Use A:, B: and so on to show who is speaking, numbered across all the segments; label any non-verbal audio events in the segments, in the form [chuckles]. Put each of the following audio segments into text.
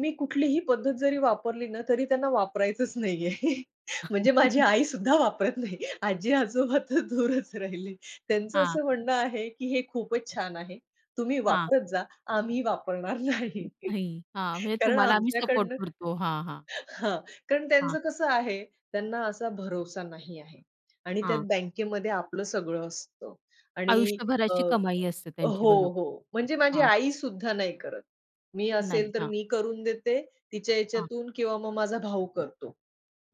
A: मी कुठलीही पद्धत जरी वापरली ना, तरी त्यांना वापरायचंच नाहीये. म्हणजे माझी
B: [chuckles]
A: आईसुद्धा वापरत नाहीये. आजी-आजोबा तर दूरच राहिले. त्यांचं
B: हां.
A: असं म्हणणं आहे, की हे खूपच छान आहे. तुम्ही
B: हां.
A: वापरत जा. आम्ही वापरणार नाही.
B: नाही. हां, म्हणजे
A: कारण
B: तुम्हाला आम्ही सपोर्ट
A: आमच्याकडनं [chuckles]
B: करतो. हां, हां.
A: हां, कारण
B: हां.
A: त्यांचं कसं आहे, त्यांना असा भरोसा नाही आहे. आणि त्यात
B: हां.
A: बँकेमध्ये आपलं सगळं असतं. आणि अ,
B: आयुष्यभराची कमाई असते त्यांची.
A: हो,
B: बरोबर.
A: हो. म्हणजे माझी
B: हां.
A: आईसुद्धा नाही करत. मी
B: नाही.
A: असेल तर
B: हां.
A: मी करून देते तिच्या
B: हां.
A: याच्यातून किंवा मग माझा भाऊ करतो.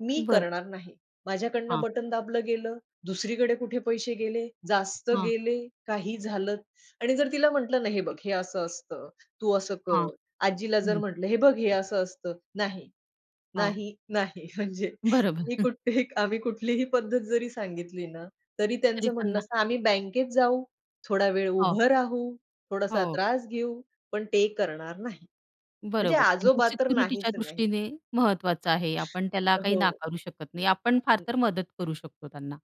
A: मी
B: बरं.
A: करणार नाही, "माझ्याकडून
B: हां.
A: बटन दाबलं गेलं, दुसरीकडे कुठे पैसे गेले? जास्त
B: हां.
A: गेले? काही झालं?" आणि जर तिला म्हटलं ना, "हे बघ हे असं असतं, तू असं कर."
B: हां.
A: आजीला जर
B: हं.
A: म्हटलं, "हे बघ हे असं असतं." "नाही,
B: हां.
A: नाही, नाही." [chuckles] म्हणजे
B: बरोबर.
A: मी
B: [chuckles]
A: कुठलीही आम्ही कुठलीही पद्धत जरी सांगितली ना, तरी
B: तरी
A: त्यांचं म्हणणं
B: त्यांना
A: असतं, "आम्ही बँकेत जाऊ, थोडा वेळ
B: हो.
A: उभं राहू, थोडासा
B: हो.
A: त्रास घेऊ, पण ते करणार नाही." म्हणजे
B: बरोबर, त्यांच्या
A: आजोबा तर नाहीच
B: सिक्युरिटीच्या
A: नाही.
B: दृष्टीने महत्त्वाचं आहे. आपण त्याला
A: अ,
B: काही
A: हो.
B: नाकारू शकत नाही. आपण फार
A: हं.
B: तर मदत करू शकतो त्यांना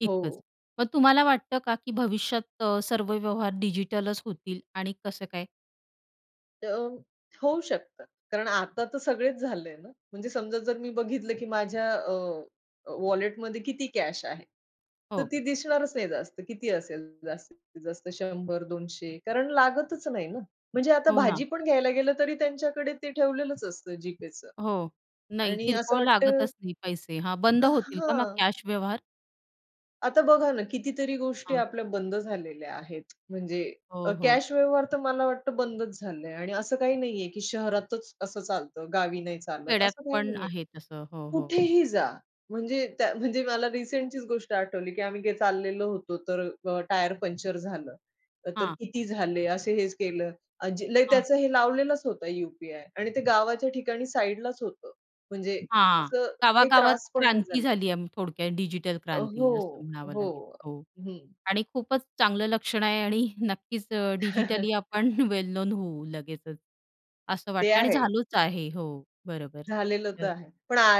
B: इतकंच.
A: हो.
B: मग तुम्हाला वाटतं का की भविष्यात अ, सर्व व्यवहार डिजिटलच होतील आणि कसं काय?
A: तर होऊ शकतं. कारण आता तर सगळेच झालंय ना, म्हणजे समजा जर मी बघितलं की माझ्या अ, अ, वॉलेटमध्ये किती कॅश आहे, तर
B: हो.
A: ती दिसणारच नाही जास्त. किती असेल जास्तीत जास्त 100-200. कारण लागतच नाही ना. म्हणजे आता
B: हो ना.
A: भाजी पण घ्यायला गेलं, तरी त्यांच्याकडे ते ठेवलेलंच असतं GPayचं
B: हो. नाही,
A: आणि असं
B: किरकोळ
A: वाटतं
B: लागतच नाही पैसे. हां, बंद
A: अ,
B: होतील का मग
A: हां.
B: कॅश व्यवहार?
A: आता बघा ना, कितीतरी गोष्टी
B: हां.
A: आपल्या बंद झालेल्या आहेत. म्हणजे अ,
B: हो, हो.
A: कॅश व्यवहार तर मला वाटतं बंदच झालंय आणि असं काही नाहीये, की शहरातच असं चालतं गावी नाही चालत
B: खेड्यात
A: असं काही
B: पण
A: नाहीये.
B: आहे तसं. हो, हो.
A: कुठेही जा. म्हणजे त्या म्हणजे मला रिसेंटचीच गोष्ट आठवली, की आम्ही गे काय चाललेलो होतो, तर अ, टायर पंक्चर झालं, तर
B: हां.
A: किती झाले असे हेच केलं. आजी लय
B: हां.
A: त्याचं हे लावलेलंच होतं यू-पी-आय आणि ते गावाच्या ठिकाणी साइडलाच होतं. म्हणजे
B: हां,
A: असं काही
B: गावागावात
A: त्रास पण नाही
B: क्रांती
A: झालात.
B: झाली आहे अं, थोडक्यात, डिजिटल
A: अ,
B: क्रांती असं
A: हो,
B: म्हणावं लागेल.
A: हो.
B: हो.
A: हं.
B: आणि खूपच चांगलं लक्षण आहे आणि [chuckles] नक्कीच अ, डिजिटली [chuckles] आपण
A: [chuckles]
B: वेल नोन होऊ लगेचच, असं
A: ते
B: वाटतंय. आणि
A: आहे.
B: झालोच आहे. हो, बरोबर.
A: झालेलं
B: तर
A: तर आहे.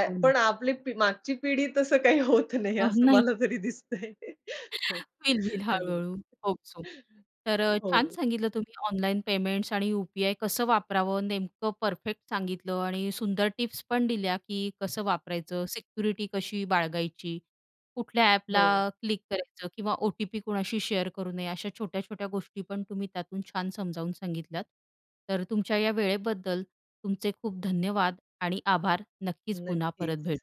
B: हो.
A: पण आ आपली पिढी मागची पिढी तसं काही होत नाही
B: अहो
A: असं
B: नाही.
A: मला तरी दिसतंय. [chuckles]
B: होईल, होईल,
A: अगदी.
B: हळू-हळू होप सो.
A: [chuckles]
B: तर अ, छान
A: हो.
B: सांगितलं तुम्ही ऑनलाईन पेमेंट्स आणि यू-पी-आय कसं वापरावं, नेमकं परफेक्ट सांगितलं आणि सुंदर टिप्स पण दिल्या की
A: [unintelligible]
B: कसं वापरायचं, सिक्युरिटी कशी बाळगायची? कुठल्या अ‍ॅपला
A: हो.
B: क्लिक करायचं किंवा ओ-टी-पी कोणाशी शेअर करू नये. अशा छोट्या-छोट्या गोष्टी पण तुम्ही त्यातून छान समजावून सांगितल्यात. तर तुमच्या या वेळेबद्दल तुमचे खूप धन्यवाद आणि आभार. नक्कीच पुन्हा परत
A: नक्कीच.
B: भेटू.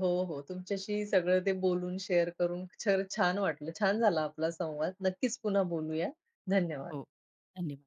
A: हो, हो तुमच्याशी सगळं ते बोलून शेअर करून छ खरंच छान वाटलं. छान झाला आपला संवाद. नक्कीच पुन्हा बोलूया. धन्यवाद.
B: हो. धन्यवाद.